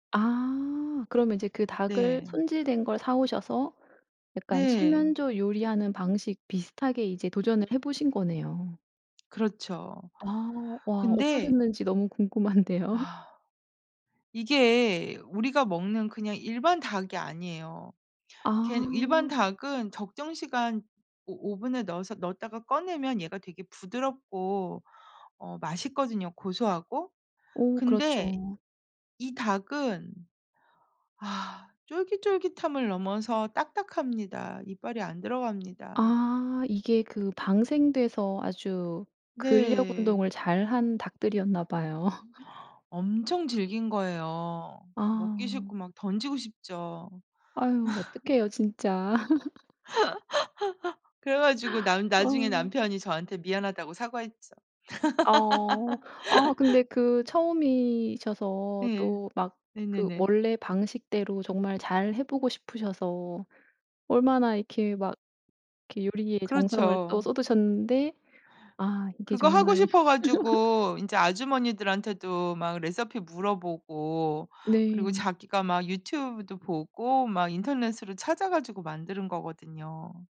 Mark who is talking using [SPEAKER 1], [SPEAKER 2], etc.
[SPEAKER 1] 아. 그러면 이제 그 닭을
[SPEAKER 2] 네.
[SPEAKER 1] 손질된 걸 사 오셔서 약간
[SPEAKER 2] 네.
[SPEAKER 1] 칠면조 요리하는 방식 비슷하게 이제 도전을 해 보신 거네요.
[SPEAKER 2] 그렇죠.
[SPEAKER 1] 아. 와
[SPEAKER 2] 근데
[SPEAKER 1] 어떠셨는지 너무 궁금한데요?
[SPEAKER 2] 아 이게 우리가 먹는 그냥 일반 닭이 아니에요. 걔는 일반
[SPEAKER 1] 아.
[SPEAKER 2] 닭은 적정 시간 오 오븐에 넣어서 넣었다가 꺼내면 얘가 되게 부드럽고 어 맛있거든요 고소하고.
[SPEAKER 1] 오
[SPEAKER 2] 근데
[SPEAKER 1] 그렇죠.
[SPEAKER 2] 이 닭은 아 쫄깃쫄깃함을 넘어서 딱딱합니다. 이빨이 안 들어갑니다.
[SPEAKER 1] 아 이게 그 방생돼서 아주 근력
[SPEAKER 2] 네.
[SPEAKER 1] 운동을 잘한 닭들이었나 봐요.
[SPEAKER 2] 엄청 질긴 거예요. 먹기
[SPEAKER 1] 아.
[SPEAKER 2] 싫고 막 던지고 싶죠.
[SPEAKER 1] 아유 어떡해요 진짜.
[SPEAKER 2] 그래 가지고 남 나중에
[SPEAKER 1] 어.
[SPEAKER 2] 남편이 저한테 미안하다고 사과했죠.
[SPEAKER 1] 아어. 어 근데 그 처음이셔서
[SPEAKER 2] 네.
[SPEAKER 1] 또 막 그
[SPEAKER 2] 네네네.
[SPEAKER 1] 원래 방식대로 정말 잘 해 보고 싶으셔서 얼마나 이렇게 막 이렇게 요리에 정성을 또
[SPEAKER 2] 그렇죠.
[SPEAKER 1] 쏟으셨는데 아 이게
[SPEAKER 2] 그거 하고
[SPEAKER 1] 정말
[SPEAKER 2] 싶어 가지고 인제 아주머니들한테도 막 레시피 물어보고 그리고
[SPEAKER 1] 네.
[SPEAKER 2] 자기가 막 유튜브도 보고 막 인터넷으로 찾아 가지고 만들은 거거든요.